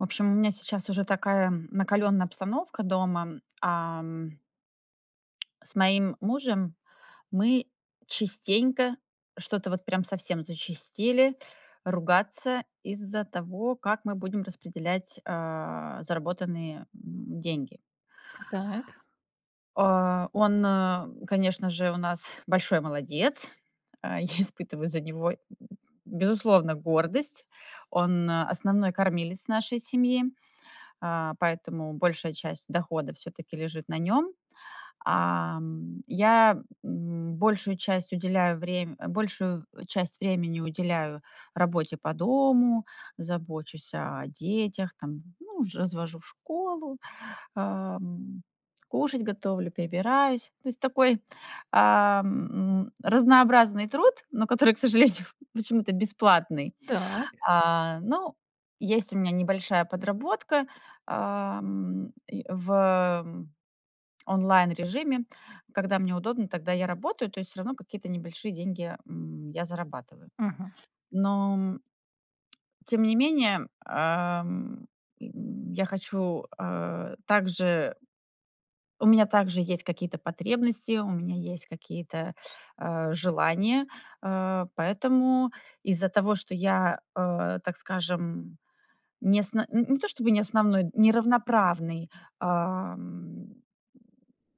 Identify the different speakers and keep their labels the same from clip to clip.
Speaker 1: В общем, у меня сейчас уже такая накалённая обстановка дома. Ам. С моим мужем мы частенько, что-то вот прям совсем зачастили, ругаться из-за того, как мы будем распределять, а, заработанные, м, деньги.
Speaker 2: Так.
Speaker 1: А, он, конечно же, у нас большой молодец. А, я испытываю за него, безусловно, гордость. Он- основной кормилец нашей семьи, а, поэтому большая часть дохода всё-таки лежит на нём. Ам, я, м, большую часть уделяю врем большую в часть времени уделяю работе по дому, забочусь о детях, там, ну ж, развожу в школу, ам, кушать готовлю, прибираюсь. То есть, такой, ам, м, разнообразный труд, но который, к сожалению, почему-то бесплатный.
Speaker 2: Так.
Speaker 1: А, ну, есть у меня небольшая подработка, ам, в, м, онлайн-режиме. Когда мне удобно, тогда я работаю, то есть всё равно какие-то небольшие деньги, м, я зарабатываю.
Speaker 2: Мгм.
Speaker 1: Но, м тем не менее, ам, м, я хочу, а, также у меня также есть какие-то потребности, у меня есть какие-то, а, желания, а, поэтому из-за того, что я, э, так скажем, не сн не то чтобы не основной, не равноправный, ам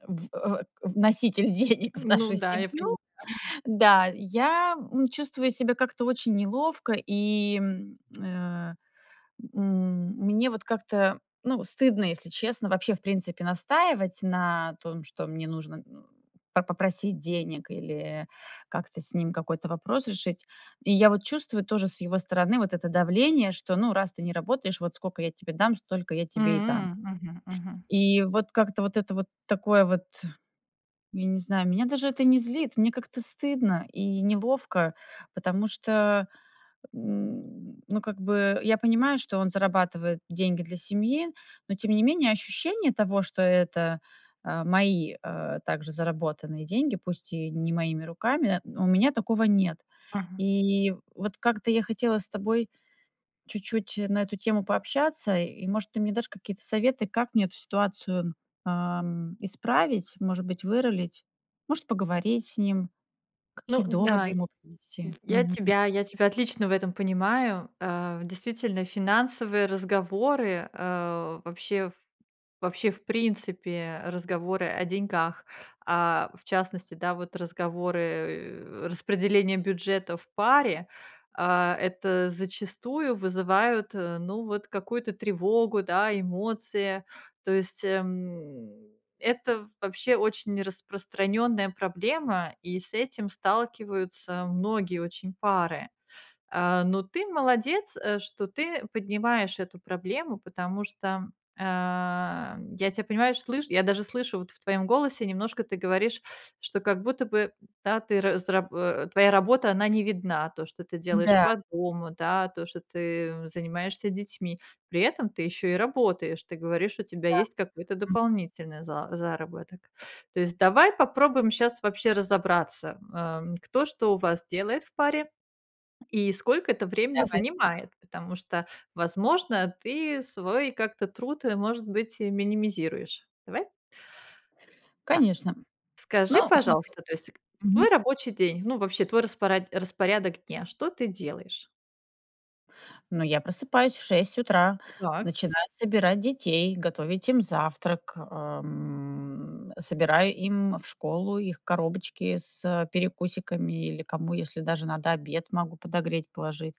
Speaker 1: в э, э, вноситель денег в
Speaker 2: Ну
Speaker 1: нашу
Speaker 2: да, я поняла.
Speaker 1: семью. Да. Я м чувствую себя как-то очень неловко, и, м, э, м, мне вот как-то, ну, стыдно, если честно, вообще, в принципе, настаивать на том, что мне нужно н по попросить денег или как-то с ним какой-то вопрос решить. И я вот чувствую тоже с его стороны вот это давление, что ну: "Раз ты не работаешь, вот скока я тебе дам, столько я тебе и дам".
Speaker 2: М. Мгм мгм.
Speaker 1: И вот как-то вот это вот такое вот, я не знаю, меня даже это не злит, мне как-то стыдно и неловко, потому что, н ну как бы, я понимаю, что он зарабатывает деньги для семьи, но тем не менее ощущение того, что это, а, мои, а, также заработанные деньги, пусть и не моими руками, у меня такого нет.
Speaker 2: Мгм.
Speaker 1: И вот как-то я хотела с тобой чуть-чуть на эту тему пообщаться и, может, ты мне дашь какие-то советы, как мне эту ситуацию, ам, исправить, может быть, вырулить, может, поговорить с ним,
Speaker 2: Ну
Speaker 1: какие
Speaker 2: да,
Speaker 1: доводы
Speaker 2: й
Speaker 1: ему привести.
Speaker 2: я
Speaker 1: Мгм.
Speaker 2: тебя я тебя отлично в этом понимаю. А, действительно, финансовые разговоры, а, вообще в вообще, в принципе, разговоры о деньгах, а, в частности, да, вот разговоры распределения бюджета в паре, а, это зачастую вызывает, ну, вот какую-то тревогу, да, эмоции, то есть, эм, это, вообще, очень распространённая проблема, и с этим сталкиваются многие очень пары. А, ну, ты- молодец, э, что ты поднимаешь эту проблему, потому что, ам, я тебя, понимаешь, слышь я даже слышу, вот в твоём голосе немножко, ты говоришь, что как будто бы, да, ты раз раб э, твоя работа, она не видна, то, что ты делаешь
Speaker 1: Да.
Speaker 2: по дому, да, то, что ты занимаешься детьми. При этом ты ещё и работаешь. Ты говоришь, у тебя
Speaker 1: Да.
Speaker 2: есть какой-то
Speaker 1: М.
Speaker 2: дополнительный за заработок. То есть, давай попробуем щас вообще разобраться, м, ам, кто что у вас делает в паре и сколько это времени
Speaker 1: Давай.
Speaker 2: занимает. Потому что, возможно, ты свой как-то труд, может быть, минимизируешь. Давай? Так,
Speaker 1: Конечно.
Speaker 2: скажи,
Speaker 1: Ну, смотри
Speaker 2: пожалуйста, то есть, к твой
Speaker 1: Мгм.
Speaker 2: рабочий день, ну, вообще, твой распоряд распорядок дня, что ты делаешь?
Speaker 1: Ну, я просыпаюсь в 6 утра,
Speaker 2: Так.
Speaker 1: начинаю собирать детей, готовить им завтрак, ам, собираю им в школу их коробочки с перекусиками или кому, если даже надо обед, могу подогреть, положить.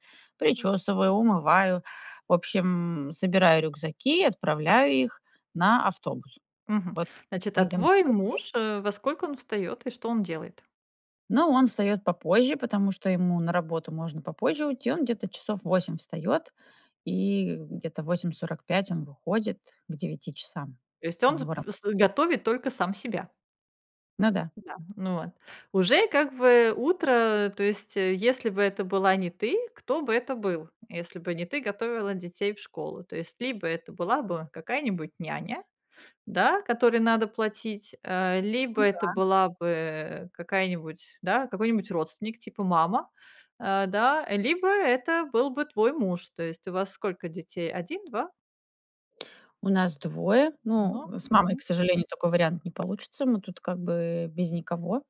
Speaker 2: М.
Speaker 1: Причёсываю, умываю. В общем, собираю рюкзаки, отправляю их на автобус.
Speaker 2: Мгм.
Speaker 1: Вот
Speaker 2: Значит, а,
Speaker 1: мы идём на
Speaker 2: твой
Speaker 1: автобус.
Speaker 2: муж э, во
Speaker 1: [unintelligible]
Speaker 2: сколько он встаёт и что он делает?
Speaker 1: Ну он встаёт попозже, потому что ему на работу можно попозже уйти. Он где-то часов в 8 встаёт, и где-то в 8:45 он выходит, к часам,
Speaker 2: То есть,
Speaker 1: у
Speaker 2: он с
Speaker 1: него
Speaker 2: п
Speaker 1: работ
Speaker 2: с готовит только сам себя.
Speaker 1: Ну да.
Speaker 2: Да. Ну, вот. Уже как бы утро, то есть если бы это была не ты, кто бы это был? Если бы не ты готовила детей в школу, то есть либо это была бы какая-нибудь няня, да, которой надо платить, а, либо
Speaker 1: Ну
Speaker 2: это
Speaker 1: да.
Speaker 2: была бы какая-нибудь, да какой-нибудь родственник, типа мама, а, да, либо это был бы твой муж. То есть у вас сколько детей? 1, 2?
Speaker 1: У нас 2. Ну,
Speaker 2: Но
Speaker 1: с мамой, к
Speaker 2: Mгм.
Speaker 1: сожалению, такой вариант не получится. Мы тут как бы без никого,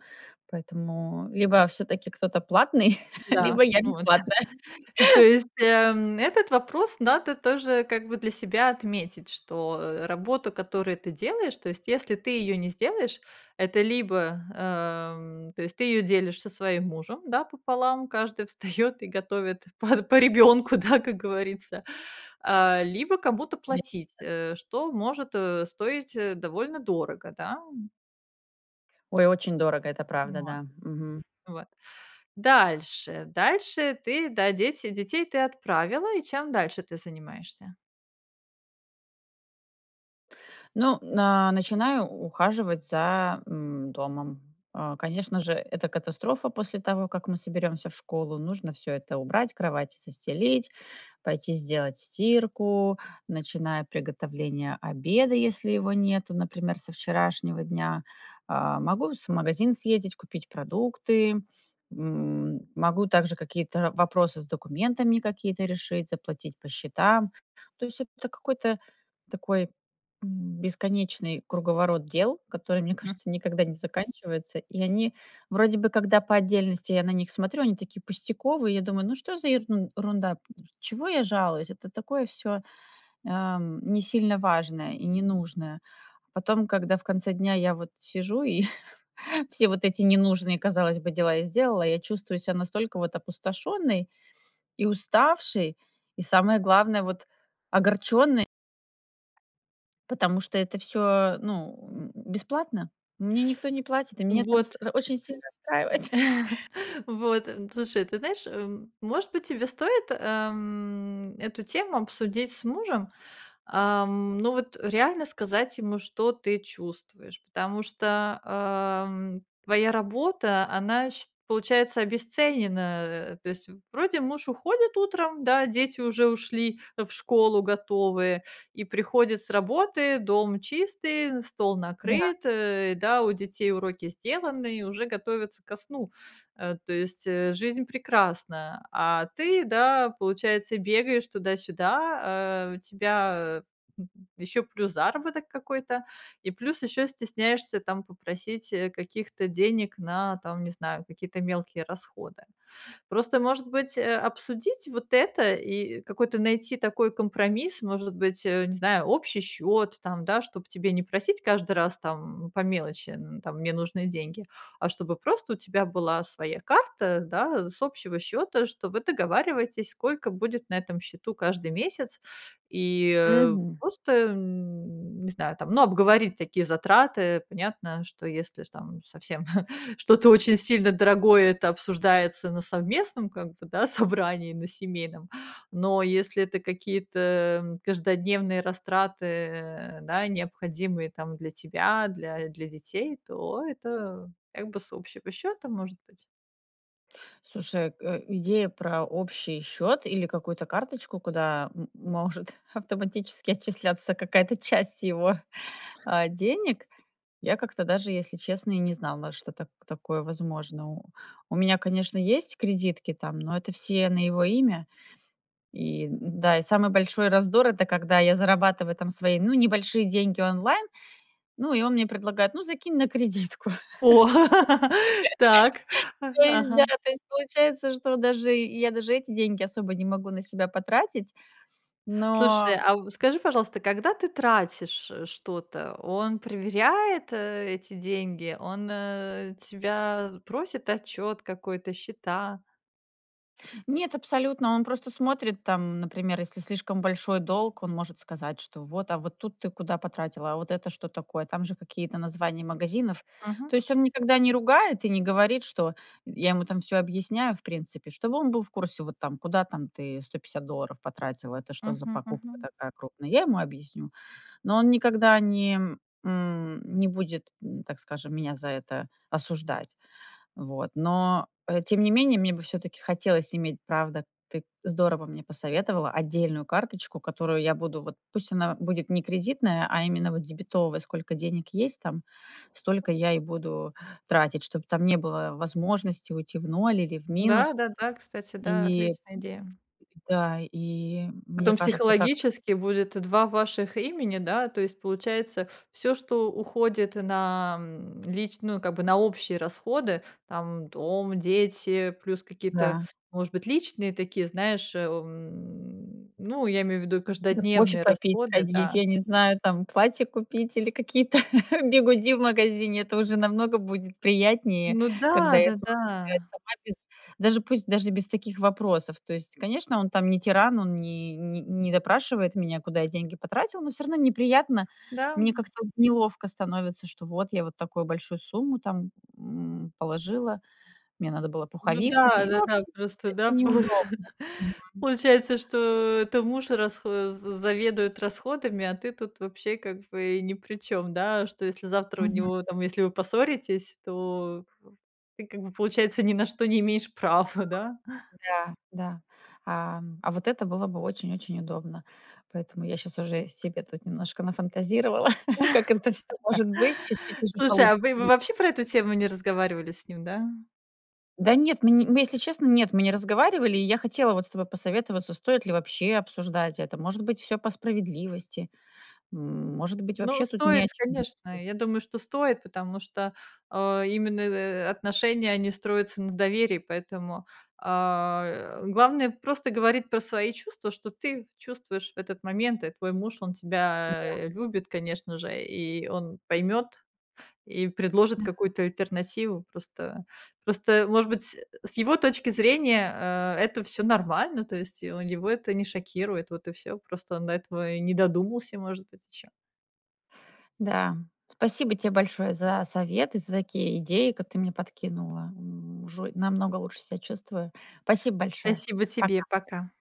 Speaker 1: поэтому либо всё-таки кто-то платный,
Speaker 2: Да.
Speaker 1: либо я-
Speaker 2: Ну, вот.
Speaker 1: бесплатная.
Speaker 2: То есть, эм, этот вопрос надо тоже как бы для себя отметить, что, э, работа, которую ты делаешь, то есть, если ты её не сделаешь, это либо, эм, то есть, ты её делишь со своим мужем, да, пополам, каждый встаёт и готовит по по ребёнку, да, как говорится, а, либо кому-то платить,
Speaker 1: [unintelligible]
Speaker 2: э, что может, э, стоить, э, довольно дорого, да, м.
Speaker 1: Ой, очень дорого, это правда,
Speaker 2: Вот.
Speaker 1: да. Мгм.
Speaker 2: Вот. Дальше дальше ты да, дети детей ты отправила, и чем дальше ты занимаешься?
Speaker 1: Ну, на начинаю ухаживать за, м, домом. А, конечно же, это катастрофа после того, как мы соберёмся в школу. Нужно всё это убрать, кровати застелить, пойти сделать стирку, начинаю приготовление обеда, если его нету, например, со вчерашнего дня. А, могу с магазин съездить, купить продукты. М, могу также какие-то вопросы с документами какие-то решить, заплатить по счетам. То есть, это т какой-то такой бесконечный круговорот дел, который, мне
Speaker 2: М.
Speaker 1: кажется, никогда не заканчивается. И они вроде бы, когда по отдельности я на них смотрю, они такие пустяковые. Я думаю: "Ну что за ерунда, чего я жалуюсь? Это такое всё, ам, не сильно важное и ненужное". Потом, когда в конце дня я вот сижу и все вот эти ненужные, казалось бы, дела я сделала, я чувствую себя настолько вот опустошённой и уставшей, и самое главное вот огорчённой. Потому что это всё, ну, м, бесплатно. Мне никто не платит, и меня это
Speaker 2: Вот.
Speaker 1: рас это очень сильно расстраивает.
Speaker 2: Вот, н слушай, ты знаешь, м, может быть, тебе стоит, эм, эту тему обсудить с мужем? Ам, ну, вот реально сказать ему, что ты чувствуешь, потому что, эм, твоя работа, она, сч получается, обесценена. То есть, вроде муж уходит утром, да, дети уже ушли в школу готовые, и приходит с работы, дом чистый, стол
Speaker 1: Да.
Speaker 2: накрыт, э, да, у детей уроки сделаны, и уже готовятся ко сну, э, то есть, э, жизнь прекрасна. А ты, да, получается, бегаешь туда-сюда, а у тебя ещё, плюс заработок какой-то, и плюс ещё стесняешься там попросить, э, каких-то денег на там, не знаю, какие-то мелкие расходы. Просто, может быть, а, обсудить вот это и какой-то найти такой компромисс, может быть, э, не знаю, общий счёт там, да, чтоб тебе не просить каждый раз, там, по мелочи н там: "Мне нужны деньги", а, чтобы просто у тебя была своя карта, да, с общего счёта, что вы договариваетесь, сколько будет на этом счету каждый месяц, и
Speaker 1: Мгм.
Speaker 2: просто, не знаю, там, ну, обговорить такие затраты. Понятно, что если ж, там совсем что-то очень сильно дорогое, это обсуждается на совместном как бы, да, собрании на семейном, но если это какие-то, м, каждодневные растраты, да, необходимые там для тебя, для для детей, то это как бы с общего счёта может быть.
Speaker 1: Слушай э, идея про общий счёт или какую-то карточку, куда м может автоматически отчисляться какая-то часть его, а, денег. Я как-то даже, если честно, и не знала, что так такое возможно. У меня, конечно, есть кредитки, там, но это все на его имя. И, н-да, и самый большой раздор это когда я зарабатываю, там, свои, ну, небольшие деньги онлайн, ну, и он мне предлагает: "Ну, закинь на кредитку".
Speaker 2: О! Так,
Speaker 1: То есть,
Speaker 2: ага.
Speaker 1: да то есть получается, что даже й я даже эти деньги особо не могу на себя потратить,
Speaker 2: Слушай,
Speaker 1: но.
Speaker 2: а в скажи, пожалуйста, когда ты тратишь что-то, он проверяет, э, эти деньги? Он, э, тебя просит отчёт какой-то, счета?
Speaker 1: Нет, абсолютно. Он просто смотрит там, например, если слишком большой долг, он может сказать, что вот: "А, вот тут ты куда потратила? А, вот это что такое?" Там же какие-то названия магазинов.
Speaker 2: Мгм.
Speaker 1: То есть, он никогда не ругает и не говорит, что я ему там всё объясняю, в принципе, чтобы он был в курсе, вот там: "Куда там, ты 150 долларов потратила? Это что за
Speaker 2: Мгм
Speaker 1: покупка
Speaker 2: мгм.
Speaker 1: такая крупная?" Я ему объясню. Но он никогда не м, не будет м, так скажем, меня за это осуждать. Вот. Но, э, тем не менее, мне бы всё-таки хотелось иметь, правда, ты здорово мне посоветовала отдельную карточку, которую я буду вот пусть она будет не кредитная, а именно вот дебетовая сколько денег есть там, столько я и буду тратить, чтоб там не было возможности уйти в ноль или в
Speaker 2: Да,
Speaker 1: минус.
Speaker 2: да, да, кстати, да,
Speaker 1: И
Speaker 2: отличная идея.
Speaker 1: Да, и мне
Speaker 2: Потом,
Speaker 1: кажется, так.
Speaker 2: психологически будет два ваших имени, да, то есть, получается, всё, что уходит на, м, лич ну, как бы на общие расходы, там, дом, дети, плюс какие-то,
Speaker 1: Да.
Speaker 2: может быть, личные такие, знаешь, эм, ну, я имею в виду
Speaker 1: Да, кофе
Speaker 2: каждодневные
Speaker 1: попить,
Speaker 2: расходы, да.
Speaker 1: сходить, я не знаю, там, платье купить или какие-то бигуди в магазине. Это уже намного будет приятнее,
Speaker 2: Ну
Speaker 1: когда
Speaker 2: да,
Speaker 1: я смогу сделать
Speaker 2: да-да.
Speaker 1: сама, без даже пусть, даже без таких вопросов. То есть, конечно, он там не тиран, он не не не допрашивает меня, куда я деньги потратила, но всё равно неприятно. Мне
Speaker 2: Да-м.
Speaker 1: как-то з неловко становится, что вот, я вот такую большую сумму там, м, положила, мне надо было
Speaker 2: Ну
Speaker 1: пуховик
Speaker 2: да,
Speaker 1: купить. Ну, в
Speaker 2: да-да,
Speaker 1: общем,
Speaker 2: просто, да,
Speaker 1: это
Speaker 2: полу
Speaker 1: неудобно. Мгм.
Speaker 2: получается, что это муж расхо з заведует расходами, а ты тут вообще, как бы, и ни при чём, да. Что если завтра у
Speaker 1: Мгм.
Speaker 2: него там если вы поссоритесь, то в ты, как бы, получается, ни на что не имеешь права, да?
Speaker 1: Да, да. Ам, а, вот это было бы очень-очень удобно, поэтому я щас уже себе тут немножко нафантазировала, как это всё может быть чуть-чуть уже
Speaker 2: Слушай, а вы
Speaker 1: получится.
Speaker 2: вы
Speaker 1: [unintelligible]
Speaker 2: вообще про эту тему не разговаривали с ним, да?
Speaker 1: Да нет, м мы если честно, нет, мы не разговаривали, и я хотела вот с тобой посоветоваться, стоит ли вообще обсуждать это. Может быть, всё по справедливости? М, может быть,
Speaker 2: Ну,
Speaker 1: вообще тут не
Speaker 2: стоит,
Speaker 1: о чем говори
Speaker 2: конечно. Я думаю, что стоит, потому что, а, именно, э, э, отношения, они строятся на доверии, поэтому, а, главное просто говорить про свои чувства, что ты чувствуешь в этот момент. И твой муж, он
Speaker 1: Да.
Speaker 2: тебя любит, конечно же, и он поймёт, и предложит
Speaker 1: Да.
Speaker 2: какую-то альтернативу. Просто просто, может быть, с с его точки зрения, а, это всё нормально, то есть, у него это не шокирует, вот и всё, просто он до этого и не додумался, может быть, ещё.
Speaker 1: Да. Спасибо тебе большое за советы, за такие идеи, как ты мне подкинула. М, уже намного лучше себя чувствую. Спасибо большое.
Speaker 2: Спасибо тебе.
Speaker 1: Пока.
Speaker 2: Пока.